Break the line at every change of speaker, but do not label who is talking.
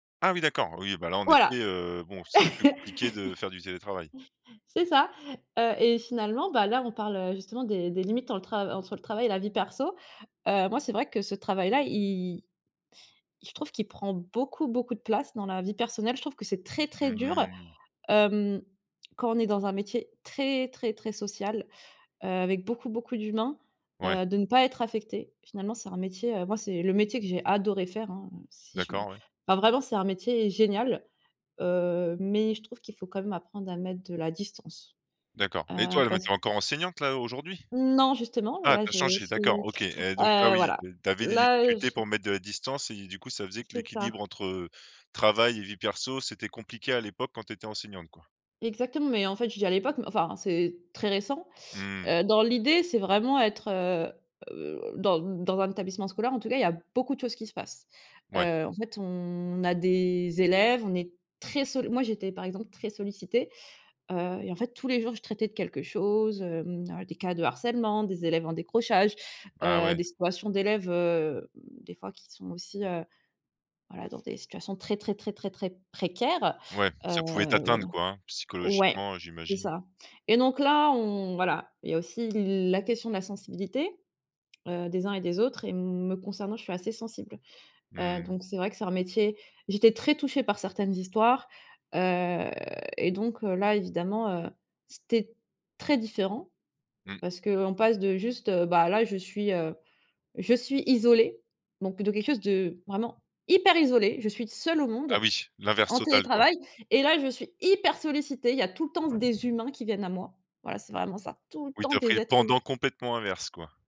Ah oui d'accord, oui, ben là, en effet,
Voilà,
heu, bon, c'est plus compliqué de faire du télétravail.
c'est ça, heu et finalement, ben là, on parle, heu, justement des des limites dans le tra entre le travail et la vie perso. Heu, moi, c'est vrai que ce travail-là i je trouve qu'il prend beaucoup, beaucoup de place dans la vie personnelle. Je trouve que c'est très, très
Mmh
dur,
mh.
hem, quand on est dans un métier, très, très, très social, heu, avec beaucoup, beaucoup d'humains,
Ouais.
heu, de ne pas être affecté. Finalement, c'est un métier, heu, moi, c'est le métier que j'ai adoré faire, hein, si je
D'accord, ouais.
enfin, vraiment, c'est un métier génial, heu, mais je trouve qu'il faut quand même apprendre à mettre de la distance,
D'accord et
heu,
toi mais
parce
tu
q
es encore enseignante là aujourd'hui?
Non justement,
Ah,
là
tu as
je
changé, d'accord,
suis,
OK et donc ah
heu,
oui,
voilà,
de tu avais des
là
difficultés
je
pour mettre de la distance et du coup, ça faisait que
C'est
l'équilibre
ça.
entre travail et vie perso c'était compliqué à l'époque quand tu étais enseignante, quoi?
Exactement, mais en fait, je dis à l'époque, enfin, c'est très récent,
Mmh.
heu, dans l'idée, c'est vraiment être, heu heu, dans dans un établissement scolaire, en tout cas, il y a beaucoup de choses qui se passent,
Ouais.
heu, en fait, on a des élèves, on est très solli moi, j'étais, par exemple, très sollicitée, heu et en fait, tous les jours, je traitais de quelque chose, hem, à des cas de harcèlement, des élèves en décrochage,
Ah
heu,
ouais.
des situations d'élèves, heu, des fois, qui sont aussi, heu heu, dans des situations très, très, très, très, très précaires,
Ouais,
heu,
ça pouvait
voilà
t'atteindre, quoi, hein,
ouais,
psychologiquement, heu,
c'est
j'imagine?
ça et donc là, on voilà, il y a aussi la question de la sensibilité, heu, des uns et des autres et me concernant, je suis assez sensible, heu,
Mmh.
donc c'est vrai que c'est un métier j'étais très touchée par certaines histoires, heu et donc heu, là, évidemment, heu, c'était très différent,
Mmh.
parce qu'on passe de juste, heu: «Ben là, je suis, heu, je suis isolée», bon, plutôt quelque chose de, vraiment, hyper isolé. Je suis seule au
Ah
monde,
oui, l'inverse
en
total, quoi.
télétravail et là je suis hyper sollicitée, il y a tout le temps des humains qui viennent à moi. Voilà c'est
Mmh.
vraiment ça, tout le
Oui
temps
tu as pris
des
le
êtres hu
pendant complètement inverse, quoi.